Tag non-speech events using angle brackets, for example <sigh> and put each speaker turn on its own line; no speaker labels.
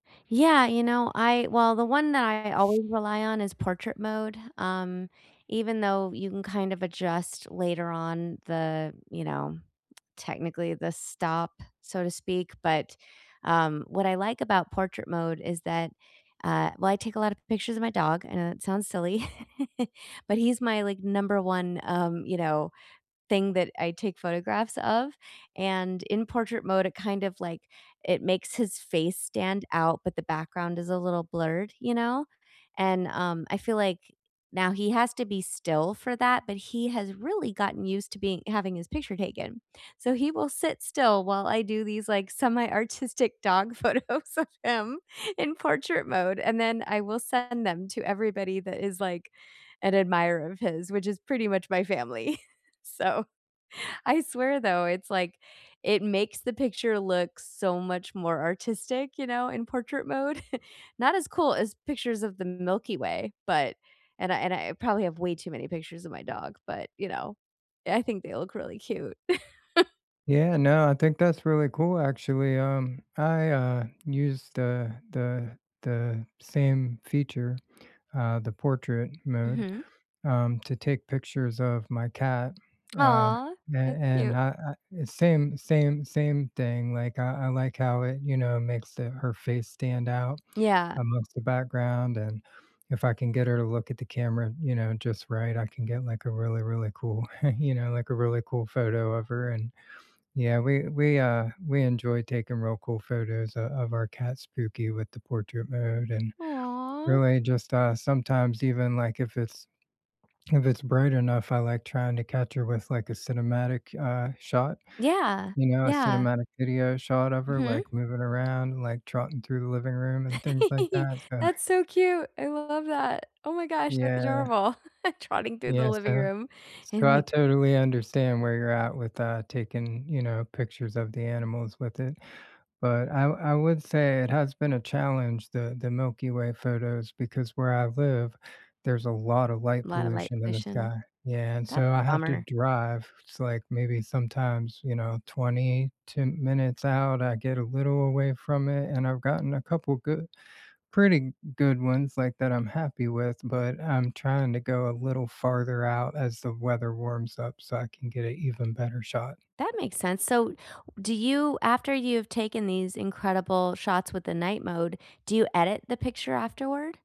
Yeah, you know, I well, the one that I always rely on is portrait mode, um, even though you can, kind of adjust later on the you know, technically the "stop", so to speak, but, um, what I like about portrait mode is that, uh, well, I take a lot of pictures of my dog, I know that sounds silly, <chuckles> but he's my, like, number 1 um, you know, thing that I take photographs of, and in portrait mode, it kind of, like, it makes his face stand out, but the background is a little blurred, you know? And, um, I feel like now, he has to be still for that, but he has really gotten used to being having his picture taken, so he will sit still while I do these, like, semi-artistic dog photos of him in portrait mode, and then I will send them to everybody that is, like, an admirer of his, which is pretty much my family, <chuckles> so I swear, though, it's, like it makes the picture look so much more artistic, you know? In portrait mode. <chuckles> Not as cool as pictures of the Milky Way, but and I and I probably have way too many pictures of my dog, but, you know, I think they look really cute. <chuckles>
Yeah, no, I think that's really cool, actually, um, I, uh, used the the the same feature, uh, the portrait mode,
Mhm.
um, to take pictures of my cat, uh,
Aw,
a
that's
and
cute.
uh uh uh, same same same thing, like, I I like how it, you know, makes the her face stand out
Yeah.
amongst the background, and if I can get her to look at the camera, you know, just right, I can get, like, a really, really cool <chuckles> you know, like, a really cool photo of her, and, yeah, we we, uh we enjoy taking real cool photos o of our cat, Spooky, with the portrait mode, and,
Aw.
really just, uh sometimes even, like, if it's <swallows> if it's bright enough, I like trying to catch her with, like, a cinematic, uh, shot.
Yeah,
You know? A
yeah.
cinematic video shot of her, like,
Mhm.
moving around, like, trotting through the living room, and things like
<giggles>
that, so
That's so cute, I love that, oh my gosh, that's
Yeah.
adorable <chuckles> "trotting through the
Yeah,
living
so
room,"
so,
and
I
li
totally understand where you're at with, uh, taking, you know, pictures of the animals with it, but I w I would say it has been a challenge- the the Milky Way photos, because where I live, there's a lot of light
Lotta light
pollution in the
pollution?
sky yeah, and
That's
so
a
I have to
bummer.
drive, it's, like, maybe, sometimes, you know, 22 minutes out I get a little away from it, and I've gotten a couple good pretty n good ones, like, that I'm happy with, but I'm trying to go a little farther out as the weather warms up so I can get a even better shot.
That makes sense, so do you after you've taken these incredible shots with the night mode, do you edit the picture afterward?